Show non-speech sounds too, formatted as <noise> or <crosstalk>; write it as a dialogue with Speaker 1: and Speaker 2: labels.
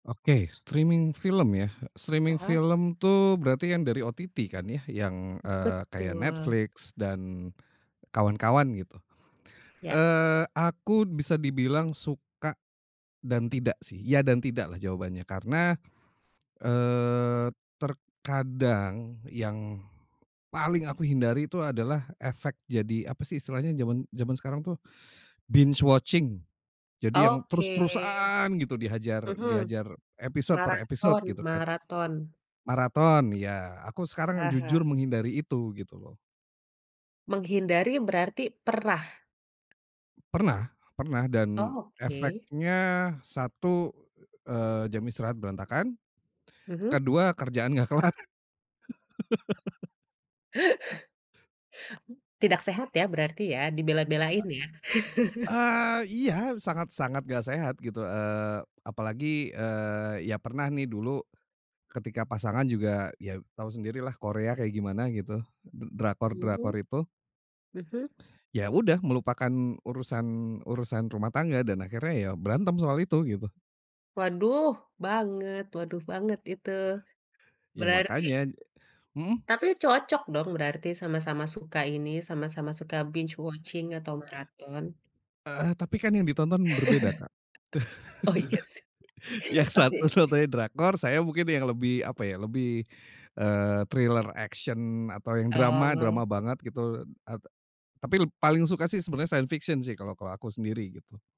Speaker 1: Oke, streaming film ya.
Speaker 2: Ah
Speaker 1: Streaming
Speaker 2: hah.
Speaker 1: film tuh berarti kan dari OTT kan ya yang, eee, kayak,
Speaker 2: Betul.
Speaker 1: Netflix dan kawan-kawan gitu.
Speaker 2: Iya.
Speaker 1: Eee, aku bisa dibilang suka dan tidak sih, ya dan tidak lah jawabannya. Karena, eee, terkadang yang paling aku hindari itu adalah efek jadi, apa sih istilahnya, zaman zaman sekarang tuh, binge watching, jadi yang
Speaker 2: Oke.
Speaker 1: terus-terusan gitu dihajar
Speaker 2: Mhm.
Speaker 1: dihajar episode per episode
Speaker 2: Maraton
Speaker 1: gitu kan.
Speaker 2: maraton.
Speaker 1: Maraton, iya. Aku sekarang
Speaker 2: Ah
Speaker 1: jujur
Speaker 2: hah.
Speaker 1: menghindari itu, gitu loh.
Speaker 2: Menghindari berarti pernah?
Speaker 1: Pernah pernah, dan
Speaker 2: Oh, oke.
Speaker 1: efeknya satu, eee, jam istirahat berantakan.
Speaker 2: Mhm.
Speaker 1: Kedua, kerjaan nggak kelar. <laughs>
Speaker 2: Tidak sehat ya berarti ya, dibela-belain ya.
Speaker 1: Eee,
Speaker 2: <chuckles>
Speaker 1: iya, sangat-sangat nggak sehat gitu, eee, apalagi, eee, ya pernah nih dulu ketika pasangan juga, ya tahu sendiri lah Korea kayak gimana gitu, d drakor-drakor
Speaker 2: Mhm,
Speaker 1: itu.
Speaker 2: mhm.
Speaker 1: Ya udah melupakan urusan urusan rumah tangga, dan akhirnya ya berantem soal itu, gitu.
Speaker 2: Waduh banget waduh banget itu.
Speaker 1: Ya
Speaker 2: Berarti
Speaker 1: makanya hmm.
Speaker 2: Tapi cocok dong berarti sama-sama suka ini, sama-sama suka binge watching atau maraton.
Speaker 1: Eee, tapi kan yang ditonton berbeda Kak.
Speaker 2: <laughs> Oh, iya sih.
Speaker 1: <laughs> Yang
Speaker 2: Oke
Speaker 1: satu
Speaker 2: sih
Speaker 1: nontonnya drakor, saya mungkin yang lebih, apa ya, lebih, eee, thriller action atau yang drama,
Speaker 2: Oh.
Speaker 1: drama banget gitu e e tapi leb paling suka sih sebenarnya science fiction sih kalau kalau aku sendiri gitu.